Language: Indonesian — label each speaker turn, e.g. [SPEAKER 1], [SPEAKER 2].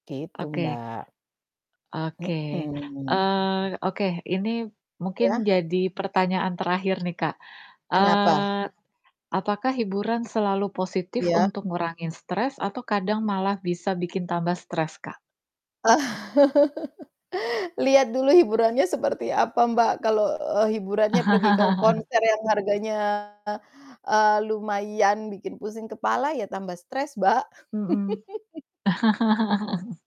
[SPEAKER 1] Gitu,
[SPEAKER 2] Oke.
[SPEAKER 1] Mbak.
[SPEAKER 2] Oke.
[SPEAKER 1] Mhm.
[SPEAKER 2] Eee, oke, ini
[SPEAKER 1] Iya?
[SPEAKER 2] mungkin jadi pertanyaan terakhir nih, Kak,
[SPEAKER 1] Kenapa?
[SPEAKER 2] eee, apakah hiburan selalu positif
[SPEAKER 1] Iya.
[SPEAKER 2] untuk ngurangin stres atau kadang malah bisa bikin tambah stres, Kak?
[SPEAKER 1] Lihat dulu hiburannya seperti apa Mbak. Kalau, eee, hiburannya pergi ke konser yang harganya, eee, lumayan bikin pusing kepala ya tambah stres, Mbak.
[SPEAKER 2] Mhm.